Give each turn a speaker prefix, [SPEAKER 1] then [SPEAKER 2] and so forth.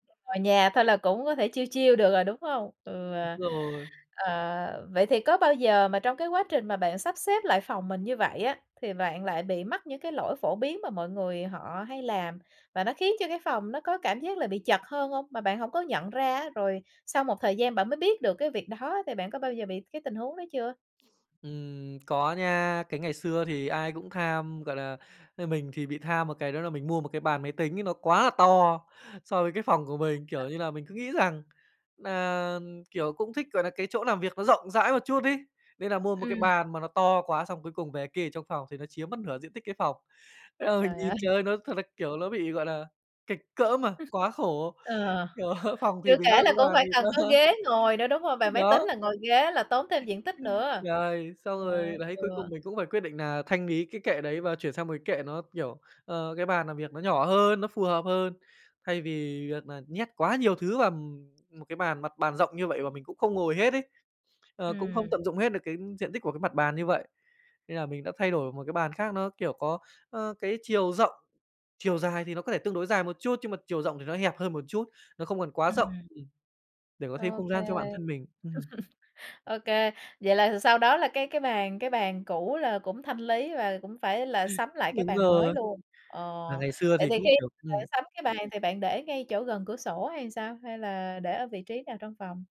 [SPEAKER 1] Ở nhà thôi là cũng có thể chill chill được rồi, đúng hông? Ừ.
[SPEAKER 2] Rồi.
[SPEAKER 1] Ờ, vậy thì có bao giờ mà trong cái quá trình mà bạn sắp xếp lại phòng mình như vậy á, thì bạn lại bị mắc những cái lỗi phổ biến mà mọi người họ hay làm và nó khiến cho cái phòng nó có cảm giác là bị chật hơn hông, mà bạn hổng có nhận ra á? Rồi sau một thời gian bạn mới biết được cái việc đó, thì bạn có bao giờ bị cái tình huống đó chưa?
[SPEAKER 2] Ừm, có nha, cái ngày xưa thì ai cũng tham, gọi là, ơ, mình thì bị tham một cái, đó là mình mua một cái bàn máy tính ấy nó quá là to so với cái phòng của mình, kiểu như là, mình cứ nghĩ rằng nà, kiểu, cũng thích, gọi nà, cái chỗ làm việc nó rộng rãi một chút ấy, nên là mua một cái
[SPEAKER 1] Ừm.
[SPEAKER 2] bàn mà nó to quá xong cuối cùng về kê ở trong phòng thì nó chiếm mất nửa diện tích cái phòng. Thế là mình
[SPEAKER 1] Trời
[SPEAKER 2] nhìn
[SPEAKER 1] ơi.
[SPEAKER 2] trời ơi, nó thật ra, kiểu, ló bị, gọi là, kệch cỡm, à, quá khổ,
[SPEAKER 1] Ờ,
[SPEAKER 2] kiểu, phòng thì
[SPEAKER 1] chưa
[SPEAKER 2] bé
[SPEAKER 1] kể
[SPEAKER 2] còn
[SPEAKER 1] là
[SPEAKER 2] cái
[SPEAKER 1] cũng
[SPEAKER 2] bàn thì
[SPEAKER 1] phải cần có
[SPEAKER 2] to.
[SPEAKER 1] ghế ngồi nữa, đúng không? Bàn máy tính
[SPEAKER 2] Đó.
[SPEAKER 1] là ngồi ghế là tốn thêm
[SPEAKER 2] Ừm,
[SPEAKER 1] diện tích nữa.
[SPEAKER 2] rồi, xong
[SPEAKER 1] Trời
[SPEAKER 2] rồi
[SPEAKER 1] ơi,
[SPEAKER 2] đấy,
[SPEAKER 1] ừ.
[SPEAKER 2] cuối cùng mình cũng phải quyết định nà thanh lý cái kệ đấy và chuyển sang một cái kệ nó, kiểu, ờ, cái bàn làm việc nó nhỏ hơn, nó phù hợp hơn, thay vì việc nà nhét quá nhiều thứ vào, ừm, một cái bàn, mặt bàn rộng như vậy và mình cũng không ngồi hết ấy. Ờ, cũng không
[SPEAKER 1] Ừm.
[SPEAKER 2] tận dụng hết được cái diện tích của cái mặt bàn như vậy, nên là mình đã thay đổi một cái bàn khác nó, kiểu, có, ơ, cái chiều rộng, chiều dài thì nó có thể tương đối dài một chút, nhưng mà chiều rộng thì nó hẹp hơn một chút, nó không còn quá rộng,
[SPEAKER 1] Ừm.
[SPEAKER 2] ừm, để có thêm
[SPEAKER 1] Ô
[SPEAKER 2] không
[SPEAKER 1] kê,
[SPEAKER 2] gian cho bản thân mình. Ừm.
[SPEAKER 1] ô kê, vậy là thì sau đó là cái cái bàn cái bàn cũ là cũng thanh lý và cũng phải là sắm lại cái
[SPEAKER 2] Đúng
[SPEAKER 1] bàn mới
[SPEAKER 2] rồi.
[SPEAKER 1] luôn. Ờ,
[SPEAKER 2] Và ngày xưa
[SPEAKER 1] vậy
[SPEAKER 2] thì
[SPEAKER 1] thì
[SPEAKER 2] cũng,
[SPEAKER 1] khi
[SPEAKER 2] kiểu
[SPEAKER 1] bạn
[SPEAKER 2] ừm.
[SPEAKER 1] sắm cái bàn thì bạn để ngay chỗ gần cửa sổ hay sao, hay là để ở vị trí nào trong phòng?